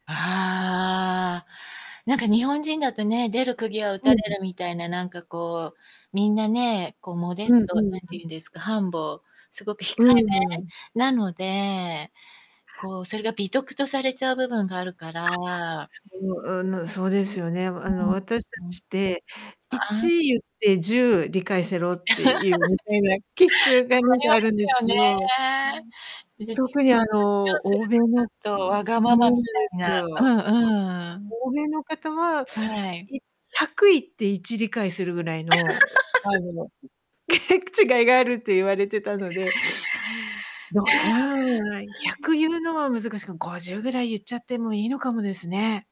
ああ。なんか日本人だとね、出る釘は打うたん-れうん。るみたいな、なんかこう、みんなね、こうモデうスんト、何うんうて言ん。うんですか、humble すごく控えうーん。めなので、こうそれが美徳とされちゃう部分があるかあ、ら。そう、うん、そうですよね、あうの、ん。私うん。達って、あいあ。ち言って10理解せろっていうみた いな気質がなあんりかまあるんですすよけどね。自分を特にあ主の、張する欧米のとちょっとわがそままうなんでみたすいよ。な。うんうん。欧米の方は、はい。い100言って1理解するぐらいの、違いがあるって言われてたので、いや。は ひゃい。く言うのは難しく、50ぐらい言っちゃってもいいのかもですね。